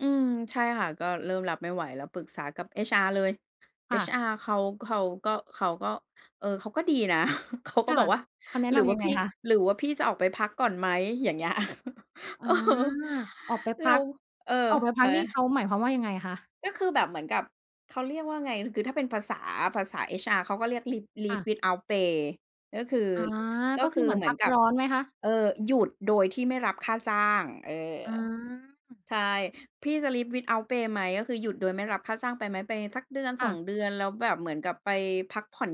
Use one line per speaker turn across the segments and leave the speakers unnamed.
อืม ใช่ค่ะ ก็เริ่มรับไม่ไหวแล้วปรึกษากับ HR เลย
ค่ะ
HR เขา เขาก็ เขาก็ เออ เขาก็ดีนะ เขาก็
ค่
บ
ะ
อกว่า
คำแนะ
"หรื
น
อว่
ำย
า
ังไ
พ
ง
ี่
คะ?
หรือว่าพี่จะออกไปพักก่อนไหม?" อย่างเงี้ย
อ
เอ
า
อ
ออกไป
เ
พ
รา
ัก
เออ
ออกไปพ
เ
ั
ฮ
ก
้
นี่เ
ย
ขาหมายความว่า ยังไงคะ?
ก็คือแบบเหมือนกับเขาเรียกว่าไง คือถ้าเป็นภาษา ภาษา HR เขาก็เรียก leave
ค่
leave
ะ
without pay ก็คือ
อา
ก็
ก็ค
ค
ือ
ื
เ
อ
หมือน
เหม
พ
ือ
ั
น
ก
กั
ร
บ
้อนไหมคะ?
เออ หยุดโดยที่ไม่รับค่าจ้าง เออ
อา
ใช่ พี่จะ Leave without pay ไหม ก็คือหยุดโดยไม่รับค่าจ้างไปไหม? ไปสัก เดือน
ค
ส
่
อ
ะ
ง เดือน แล้วแบบเหมือนกับไปพักผ่อน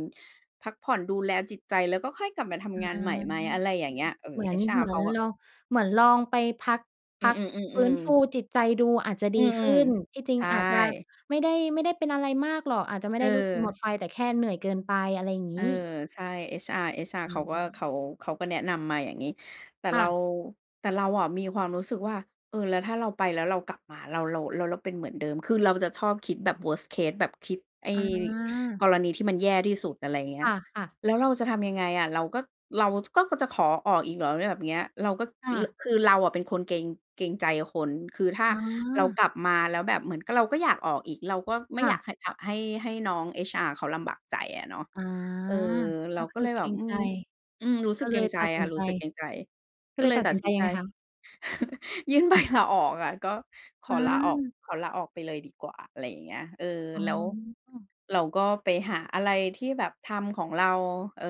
พักผ่อนดูแลจิตใจ แล้วก็ค่อยกลับมาท
อื
ำงานใหม
ม
่ไหม? อะไรอย่างเงี้ย เอ
เห
อ
มือ เ
HR
หมื
เ
อ
ข
น
าก็
ลอง เหมือนลองไปพัก พ
อื
ักฟื้
อ
น
ๆ
ฟ
ๆ
ู
ๆ
จิตใจดูอาจจะด
อ
ี
ืม
ขึ้น ที่จริ
ๆ ใ
ง
ช
อาจจะ
่
ไม่ได้ ไม่ได้เป็นอะไรมากหรอก อาจจะไม่ไ
เ
ด้รู้สึกหม
ออ
ดไฟแต่แค่เหนื่อยเกินไป อะไรอย่าง
เ
งี
ออ
้
ใช่ HR HR
อื
เขาก็ เขา
ม
เขาก็แนะนำมาอย่างงี้ แต่
ค
เร
่
า
ะ
แต่เราอะ มีความรู้สึกว่า เออ แล้วถ้าเราไปแล้วเรากลับมา เรา เรา เราเป็นเหมือนเดิม คือเราจะชอบคิดแบบ Worst case แบบคิดไอ้
อา
กรณีที่มันแย่ที่สุด อะไรเงี้
ค
ย
่ะ ค่ะ
แล้วเราจะทำยังไงอะ เราก็ เรา จ ก็ ก็จะขอออกอีกเหรอแบบเนี้ย เราก็
ค่
ร
ะ
คือเราอะเป็นคนเกรง เกรงใจคน คือถ้า
อ๋อ
เรากลับมาแล้วแบบเหมือน ก เราก็อยากออกอีก เราก็ไม
ค
่
่
อยาก
ะ
ให้ ห ให้ ให้น้อง HR เขาลำบากใจอะเนาะ
อ๋อ
เออ เ
ก
รา
็ค
ก็
ื
เ
อ
ลย
เก
แบ
ร
บ
ง
อื
ใจ
ม อืม รู้ส
ก
ึ
็
กเ
เ
ก
ล
รง
ย
ใจ
ตัดส
อ
ิ
ะ
น
ร
ใจ
ู้สึกเกรงใจ
ก็
ก็
เล
เ
ย
ลย
ตัด
ตั
ส
ด
ิน
ส
ใจ
ิน
ย
ใ
ั
จ
งไงคะ?
ยื่น ใบ ลาออกอ่ะ ก็ข
อื
อลาออก
ม
ขอลาออกไปเลยดีกว่า อะไรอย่างเงี้ย เออ
อ๋
แล้ว
อ
เราก็ไปหาอะไรที่แบบทำของเรา เออ